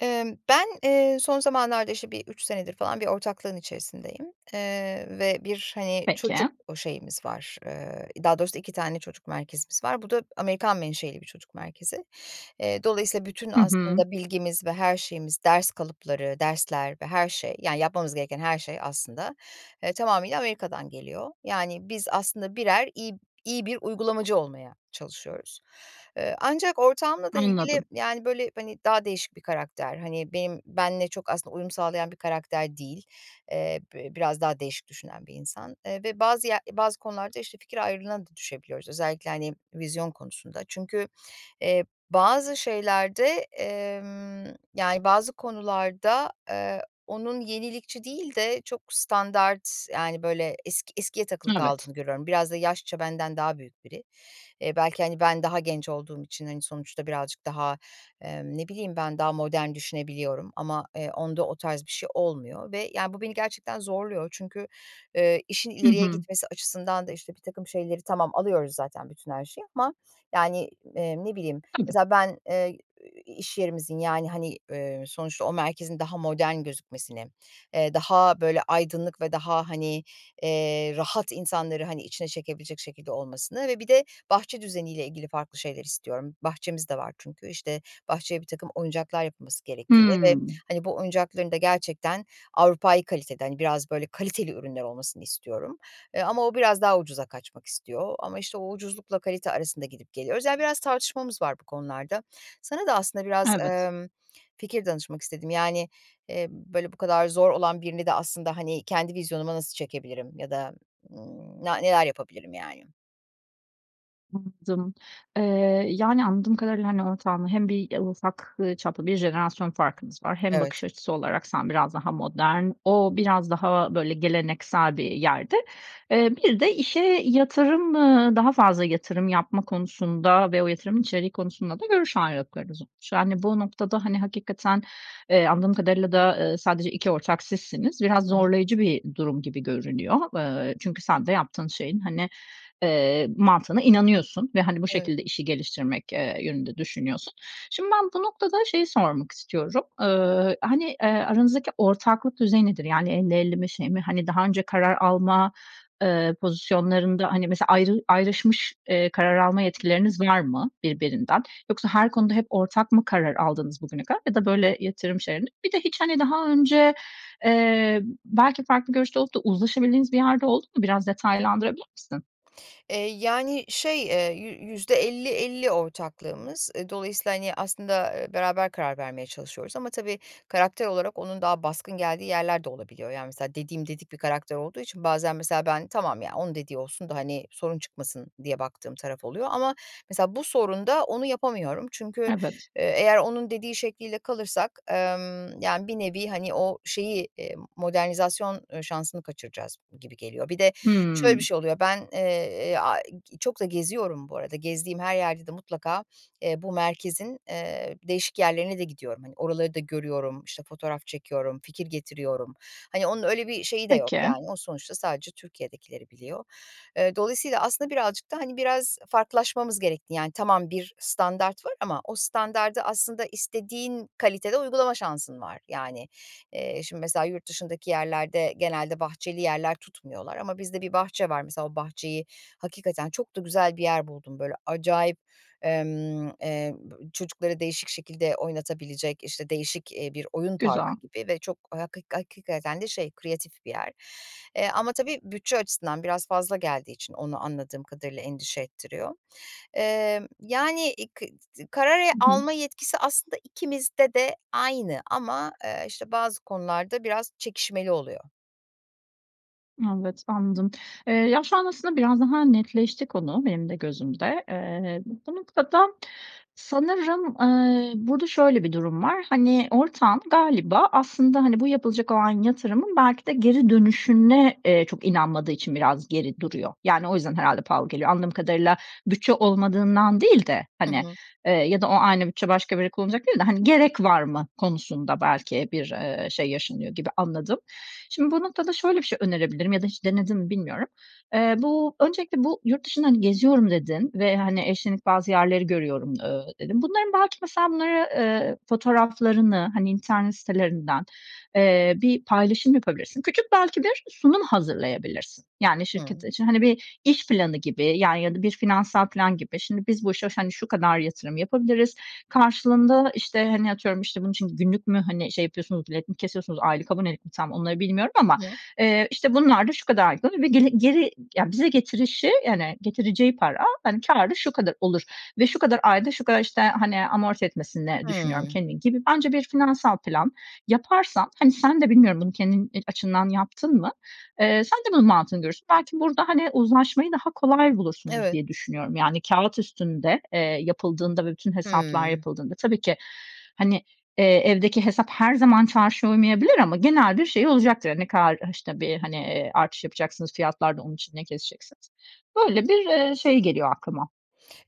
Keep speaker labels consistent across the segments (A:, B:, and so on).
A: Imm, ben, eee, son zamanlarda işte bir 3 senedir falan bir ortaklığın içerisindeyim, eee, ve bir, hani,
B: Peki.
A: çocuk o şeyimiz var, eee, daha doğrusu 2 tane çocuk merkezimiz var. Bu da Amerikan menşeli bir çocuk merkezi. Eee, dolayısıyla bütün
B: Hı hı.
A: aslında bilgimiz ve her şeyimiz ders kalıpları, dersler ve her şey yani yapmamız gereken her şey aslında, eee, tamamıyla Amerika'dan geliyor. Yani biz aslında birer iyi b iyi bir uygulamacı olmaya çalışıyoruz. Iıı, ancak ortağımla da ilgili,
B: Anladım.
A: yani, böyle, hani, daha değişik bir karakter. Hani, benim benle çok aslında uyum sağlayan bir karakter değil, eee. Bi biraz daha değişik düşünen bir insan, eee, ve bazı ye bazı konularda işte fikir ayrılığına da düşebiliyoruz özellikle hani vizyon konusunda. Çünkü, eee, bazı şeylerde, emm, yani bazı konularda, eee, onun yenilikçi değil de çok standart yani böyle eski eskiye takılı
B: Evet.
A: kaldığını görüyorum. Biraz da yaşça benden daha büyük biri. Eee, belki, hani, ben daha genç olduğum için, hani, sonuçta birazcık daha, emm, ne bileyim ben daha modern düşünebiliyorum. Ama, eee, onda o tarz bir şey olmuyor ve, ya, bu beni gerçekten zorluyor. Çünkü, eee, işin
B: Hı
A: ileriye
B: hı.
A: gitmesi açısından da işte birtakım şeyleri tamam alıyoruz zaten bütün her şeyi ama yani, eee, ne bileyim
B: Tabii.
A: mesela ben, eee, i i iş yerimizin yani, hani, ııı, sonuçta o merkezin daha modern gözükmesini, eee, daha böyle aydınlık ve daha hani, eee, rahat insanları, hani, içine çekebilecek şekilde olmasını ve bir de bahçe düzeniyle ilgili farklı şeyler istiyorum. Bahçemiz de var çünkü. İşte, bahçeye birtakım oyuncaklar yapılması gerektiğini ve
B: Hımm.
A: hani bu oyuncakların da gerçekten Avrupai kalitede hani biraz böyle kaliteli ürünler olmasını istiyorum. Eee, ama o biraz daha ucuza kaçmak istiyor ama işte o ucuzlukla kalite arasında gidip geliyoruz. Yani biraz tartışmamız var bu konularda. Sana da aslında biraz,
B: Evet.
A: ımm, fikir danışmak istedim. Yani, eee, böyle bu kadar zor olan birini de aslında hani kendi vizyonuma nasıl çekebilirim ya da, ımm, na neler yapabilirim yani?
B: Anladım, eee, yani anladığım kadarıyla, hani, ortağınla hem bir ufak, ııı, çaplı bir jenerasyon farkınız var. Hem
A: Evet.
B: bakış açısı olarak sen biraz daha modern, o biraz daha böyle geleneksel bir yerde. Eee, bir de işe yatırım, ııı, daha fazla yatırım yapma konusunda ve o yatırımın içeriği konusunda da görüş ayrılıklarınız olmuş. Yani bu noktada hani hakikaten, eee, anladığım kadarıyla da, ııı, sadece 2 ortak sizsiniz, biraz
A: Hı hı.
B: zorlayıcı bir durum gibi görünüyor. Iıı, çünkü sen de yaptığın şeyin, hani, eee, mantığına inanıyorsun ve hani bu
A: Evet.
B: şekilde işi geliştirmek, ııı, yönünde düşünüyorsun. Şimdi ben bu noktada şeyi sormak istiyorum, ııı, hani, eee, aranızdaki ortaklık düzeyi nedir? Yani 50-50 mi şey mi? Hani daha önce karar alma, ııı, pozisyonlarında hani mesela ayrı ayrışmış, ııı, karar alma yetkileriniz var mı birbirinden? Yoksa her konuda hep ortak mı karar aldınız bugüne kadar ya da böyle yatırım şeylerinde? Bir de hiç hani daha önce, eee, belki farklı görüşte olup da uzlaşabildiğiniz bir yer de oldu mu? Biraz detaylandırabilir misin?
A: Eee, yani, şey, eee, yü yüzde elli elli ortaklığımız. E, dolayısıyla, hani, aslında, eee, beraber karar vermeye çalışıyoruz ama, tabii, karakter olarak onun daha baskın geldiği yerler de olabiliyor. Yani, mesela, dediğim dedik bir karakter olduğu için bazen, mesela, ben, "Tamam ya, onun dediği olsun da, hani, sorun çıkmasın." diye baktığım taraf oluyor. Ama, mesela, bu sorunda onu yapamıyorum. Çünkü,
B: Evet.
A: eee, eğer onun dediği şekliyle kalırsak, emm, yani, bir nevi, hani, o şeyi, eee, modernizasyon, ııı, şansını kaçıracağız gibi geliyor. Bir de şöyle bir
B: Hımm.
A: şey oluyor. Ben, eee, aaa, çok da geziyorum, bu arada gezdiğim her yerde de mutlaka, eee, bu merkezin, eee, değişik yerlerine de gidiyorum. Hani, oraları da görüyorum, işte, fotoğraf çekiyorum, fikir getiriyorum. Hani, onun öyle bir şeyi de yok,
B: Peki.
A: yani. O sonuçta sadece Türkiye'dekileri biliyor. E, dolayısıyla, aslında, birazcık da, hani, biraz farklılaşmamız gerekti. Yani, tamam, bir standart var ama o standardı, aslında, istediğin kalitede uygulama şansın var. Yani, eee, şimdi, mesela, yurt dışındaki yerlerde genelde bahçeli yerler tutmuyorlar ama bizde bir bahçe var. Mesela, o bahçeyi hakikaten çok da güzel bir yer buldum. Böyle acayip, emm, eee, b çocukları değişik şekilde oynatabilecek, işte, değişik, iii, bir oyun
B: Güzel.
A: parkı gibi ve çok haki hakikaten de şey, kreatif bir yer. Eee, ama, tabii, bütçe açısından biraz fazla geldiği için onu anladığım kadarıyla endişe ettiriyor. Emm, yani, [unintelligible] karar
B: Hı hı.
A: alma yetkisi, aslında, ikimizde de aynı ama, eee, işte, bazı konularda biraz çekişmeli oluyor.
B: Evet, anladım. Eee, ya, şu an aslında biraz daha netleşti konu benim de gözümde. Eee, bu noktada sanırım, eee, burada şöyle bir durum var. Hani, ortağın galiba aslında, hani, bu yapılacak olan yatırımın belki de geri dönüşüne, eee, çok inanmadığı için biraz geri duruyor. Yani, o yüzden herhâlde pahalı geliyor. Anladığım kadarıyla bütçe olmadığından değil de,
A: I
B: hani,
A: hı.
B: eee, ya da o aynı bütçe başka bir yere kullanacak değil de, hani, "Gerek var mı?" konusunda belki bir, eee, şey yaşanıyor gibi anladım. Şimdi bu noktada şöyle bir şey önerebilirim ya da hiç denedin mi bilmiyorum. Eee, bu öncelikle bu "yurt dışını geziyorum" dedin ve, hani, "e, şimdi bazı yerleri görüyorum" ö dedin. Bunların belki mesela bunları, eee, fotoğraflarını, hani, internet sitelerinden, eee, bir paylaşım yapabilirsin. Küçük belki bir sunum hazırlayabilirsin. Yani, şirket
A: Hımm.
B: için, hani, bir iş planı gibi, ya, ya da bir finansal filan gibi. "Şimdi, biz bu işe ş hani, şu kadar yatırım yapabiliriz, karşılığında, işte, hani, atıyorum, işte" Bunun için günlük mü, hani, şey yapıyorsunuz, bilet mi kesiyorsunuz, aylık abonelik mi tam onları bilmiyorum. Ama,
A: Hı hı.
B: eee, işte, "...bunlar da şu kadar da bir geli geri Ya, bize getirişi, yani, getireceği para, hani, kârı şu kadar olur. Ve şu kadar ayda şu kadar, işte, hani, amorti etmesini düşünüyorum
A: Hımm.
B: kendini." gibi bence bir finansal plan yaparsan, hani, sen de bilmiyorum bunu kendin e açından yaptın mı? Eee, sen de bunun mantığını görürsün. Belki burada, hani, uzlaşmayı daha kolay bulursunuz
A: Evet.
B: diye düşünüyorum. Yani, kâğıt üstünde, eee, yapıldığında ve bütün hesaplar
A: Hımm.
B: yapıldığında tabii ki, hani, eee, evdeki hesap her zaman çarşıya uymayabilir ama genel bir şey olacaktır. Ne kadar, işte, bir, hani, eee, artış yapacaksınız fiyatlarda, onun için ne keseceksiniz? Böyle, bir, eee, şey geliyor aklıma.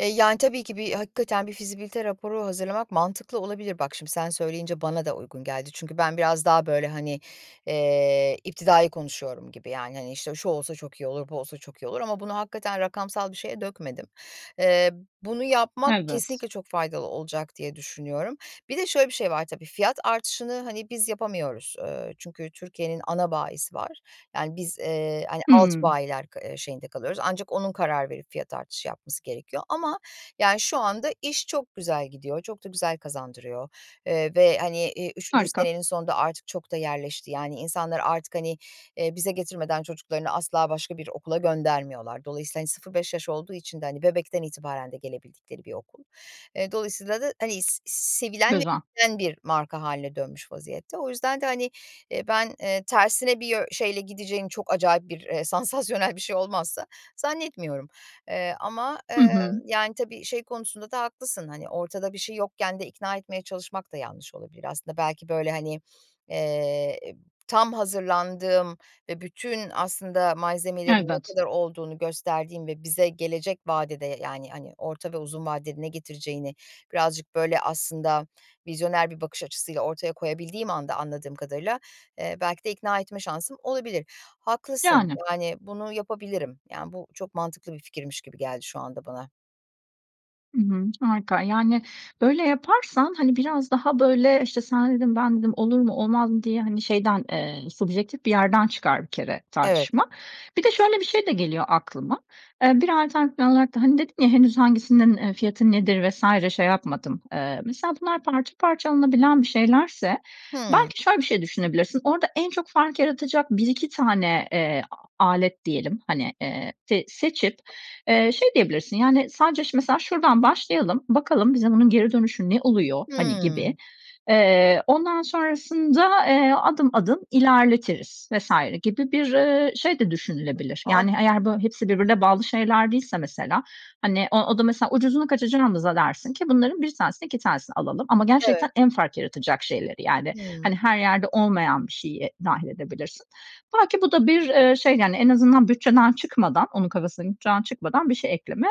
A: Eee, yani, tabii ki bir hakikaten bir fizibilite raporu hazırlamak mantıklı olabilir. Bak, şimdi sen söyleyince bana da uygun geldi. Çünkü ben biraz daha, böyle, hani, eee, iptidai konuşuyorum gibi, yani, hani, işte, "Şu olsa çok iyi olur, bu olsa çok iyi olur." ama bunu hakikaten rakamsal bir şeye dökmedim. Eee, bunu yapmak
B: Evet.
A: kesinlikle çok faydalı olacak diye düşünüyorum. Bir de şöyle bir şey var tabii, fiyat artışını, hani, biz yapamıyoruz, ııı, çünkü Türkiye'nin ana bayisi var. Yani, biz, eee, hani, alt
B: Hımm.
A: bayiler ka eee, şeyinde kalıyoruz. Ancak onun karar verip fiyat artışı yapması gerekiyor. Ama, yani, şu anda iş çok güzel gidiyor. Çok da güzel kazandırıyor, eee, ve, hani, eee, 3'üncü
B: Harika.
A: senenin sonunda artık çok da yerleşti. Yani, insanlar artık, hani, eee, bize getirmeden çocuklarını asla başka bir okula göndermiyorlar. Dolayısıyla, hani, 0-5 yaş olduğu için de, hani, bebekten itibaren de gelebildikleri bir okul. Eee, dolayısıyla da, hani, s sevilen [unintelligible]
B: Güzel.
A: bir marka hâline dönmüş vaziyette. O yüzden de, hani, eee, ben, eee, tersine bir yö şeyle gideceğini çok acayip bir, eee, sansasyonel bir şey olmazsa, zannetmiyorum. Eee, ama,
B: Hı
A: eee,
B: hı.
A: yani, tabii şey konusunda da haklısın. Hani, ortada bir şey yokken de ikna etmeye çalışmak da yanlış olabilir aslında. Belki, böyle, hani, eee, eb tam hazırlandığım ve bütün aslında malzemelerin ne
B: Evet.
A: kadar olduğunu gösterdiğim ve bize gelecek vadede, yani, hani, orta ve uzun vadede ne getireceğini birazcık, böyle, aslında vizyoner bir bakış açısıyla ortaya koyabildiğim anda anladığım kadarıyla, eee, belki de ikna etme şansım olabilir. Haklısın,
B: Yani.
A: yani, bunu yapabilirim. Ya, bu çok mantıklı bir fikirmiş gibi geldi şu anda bana.
B: Hı hı, harika, yani, böyle yaparsan, hani, biraz daha, böyle, işte, "Sendin, bendim. Olur mu, olmaz mı?" diye, hani, şeyden, eee, subjektif bir yerden çıkar bir kere
A: Evet.
B: tartışma. Bir de şöyle bir şey de geliyor aklıma. Eee, bir alternatif yol olarak da, hani, dedin ya, "Henüz hangisinin, eee, fiyatı nedir vs. şey yapmadım." Eee, mesela bunlar parça parça alınabilen bir şeylerse,
A: Hımm.
B: belki şöyle bir şey düşünebilirsiniz. Orada en çok fark yaratacak 1-2 tane, eee, a alet diyelim, hani, eee, s seçip, eee, şey diyebilirsin, yani, "Sadece ş mesela şuradan başlayalım, bakalım bize bunun geri dönüşü ne oluyor?" hani,
A: Hımm.
B: gibi. "Eee, ondan sonrasında, eee, adım adım ilerletiriz." vs. gibi bir, eee, şey de düşünülebilir.
A: Am
B: Yani, eğer, böyle, hepsi
A: [unintelligible]
B: birbirine bağlı şeyler değilse mesela, hani, o o da mesela, "Ucuzuna kaçacağımıza" dersin ki: "...bunların 1 tanesini 2 tanesini alalım." Ama gerçekten
A: Evet.
B: en fark yaratacak şeyleri, yani, hani,
A: Hımm.
B: her yerde olmayan bir şeyi dâhil edebilirsin. Belki bu da bir, eee, şey, yani, en azından bütçeden çıkmadan, onun kafasındaki bütçeden çıkmadan bir şey ekleme,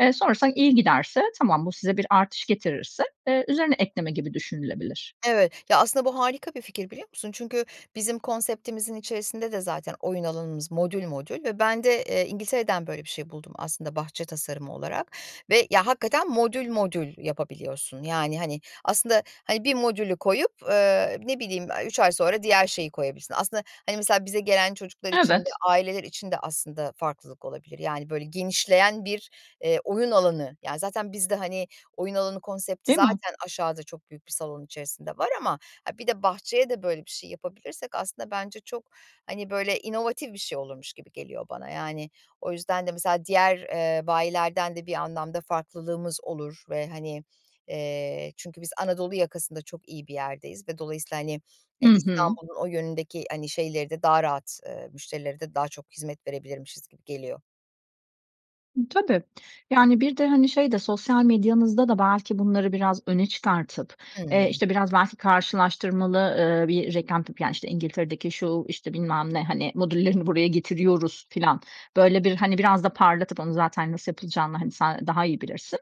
B: eee, sonrasında iyi giderse, tamam, bu size bir artış getirirse, eee, üzerine ekleme gibi düşünülebilir.
A: Evet. Ya, aslında bu harika bir fikir, biliyor musun? Çünkü bizim konseptimizin içerisinde de zaten oyun alanımız modül modül ve ben de, eee, İngiltere'den böyle bir şey buldum aslında bahçe tasarımı olarak ve, ya, hakikaten modül modül yapabiliyorsun. Yani, hani, aslında, hani, bir modülü koyup, eee, ne bileyim, aaa, 3 ay sonra diğer şeyi koyabilirsin. Aslında, hani, mesela bize gelen çocuklar için de
B: Evet.
A: aileler için de aslında farklılık olabilir, yani, böyle genişleyen bir, eee, oyun alanı. Yani, zaten biz de, hani, oyun alanı konsepti
B: Değil mi?
A: zaten aşağıda çok büyük bir salon içerisinde var ama, ha, bir de bahçeye de böyle bir şey yapabilirsek aslında bence çok, hani, böyle, inovatif bir şey olurmuş gibi geliyor bana. Yani, o yüzden de mesela diğer, eee, bayilerden de bir anlamda farklılığımız olur ve, hani, eee, çünkü biz Anadolu yakasında çok iyi bir yerdeyiz ve dolayısıyla, hani, eee,
B: Hı hı.
A: İstanbul'un o yönündeki, hani, şeyleri de daha rahat, eee, müşterilere de daha çok hizmet verebilirmişiz gibi geliyor.
B: E, tabii. Yani, bir de, hani, şey de sosyal medyanızda da belki bunları biraz öne çıkartıp, eee,
A: Hıı.
B: işte, biraz belki karşılaştırmalı, eee, bir reklam tipi, ya, işte, İngiltere'deki şu, işte, bilmem ne, hani, modüllerini buraya getiriyoruz filan, böyle bir, hani, biraz da parlatıp onu zaten nasıl yapılacağını, hani, sen daha iyi bilirsin,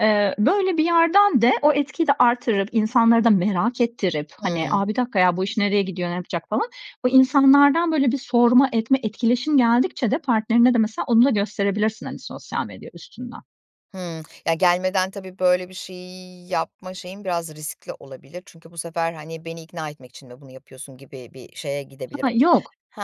B: eee, böyle bir yerden de o etkiyi de arttırıp, insanları da merak ettirip, hani,
A: Hıı.
B: a, bir dakika ya bu iş nereye gidiyor, ne yapacak falan, bu insanlardan, böyle, bir sorma etme, etkileşim geldikçe de partnerine de mesela onu da gösterebilirsin, hani, sosyal medya üstünden.
A: Hıı. Ya, gelmeden tabii böyle bir şeyi yapma şeyim biraz riskli olabilir çünkü bu sefer, hani, beni ikna etmek için mi bunu yapıyorsun gibi bir şeye gidebilir.
B: Ha, yok
A: He,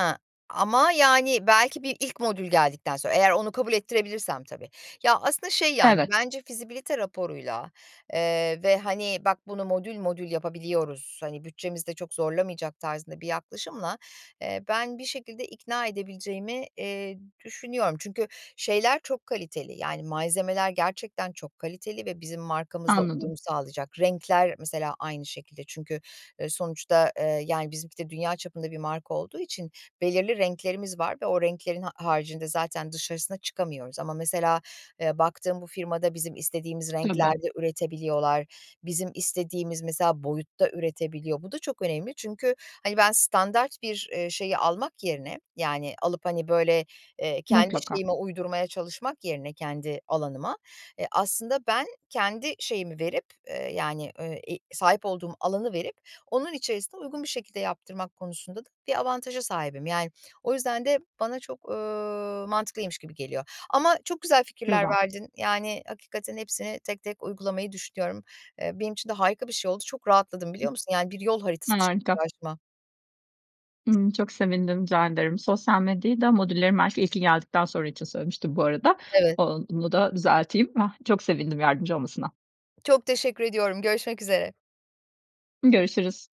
A: ama, yani, belki bir ilk modül geldikten sonra, eğer onu kabul ettirebilirsem tabii, ya, aslında şey, yani,
B: Evet.
A: bence fizibilite raporuyla, eee, ve, hani, "bak bunu modül modül yapabiliyoruz, hani, bütçemizde çok zorlamayacak" tarzında bir yaklaşımla, eee, ben bir şekilde ikna edebileceğimi, eee, düşünüyorum. Çünkü şeyler çok kaliteli, yani, malzemeler gerçekten çok kaliteli ve bizim markamızla
B: Anladım.
A: uyum sağlayacak. Renkler mesela aynı şekilde. Çünkü, ııı, sonuçta, ııı, yani, bizimki de dünya çapında bir marka olduğu için belirli renklerimiz var ve o renklerin ha haricinde zaten dışarısına çıkamıyoruz ama mesela, eee, baktığım bu firmada bizim istediğimiz
B: Tabii.
A: renklerde üretebiliyorlar. Bizim istediğimiz, mesela, boyutta üretebiliyor. Bu da çok önemli. Çünkü, hani, ben standart bir, eee, şeyi almak yerine, yani, alıp, hani, böyle, eee, kendi
B: Mutlaka.
A: şeyime uydurmaya çalışmak yerine kendi alanıma, eee, aslında ben kendi şeyimi verip, eee, yani, eee, i sahip olduğum alanı verip onun içerisine uygun bir şekilde yaptırmak konusunda da bir avantaja sahibim, yani, o yüzden de bana çok, ııı, mantıklıymış gibi geliyor ama çok güzel fikirler
B: Güzel.
A: verdin. Yani, hakikaten hepsini tek tek uygulamayı düşünüyorum. Eee, benim için de harika bir şey oldu. Çok rahatladım, biliyor musun? Yani, bir yol haritası çıktı
B: Harika.
A: karşıma.
B: Hı, çok sevindim rica ederim. Sosyal medyayı da modüllerin belki ilki geldikten sonra için söylemiştim bu arada.
A: Evet.
B: O onu da düzelteyim. Ah, çok sevindim yardımcı olmasına.
A: Çok teşekkür ediyorum, görüşmek üzere.
B: Görüşürüz.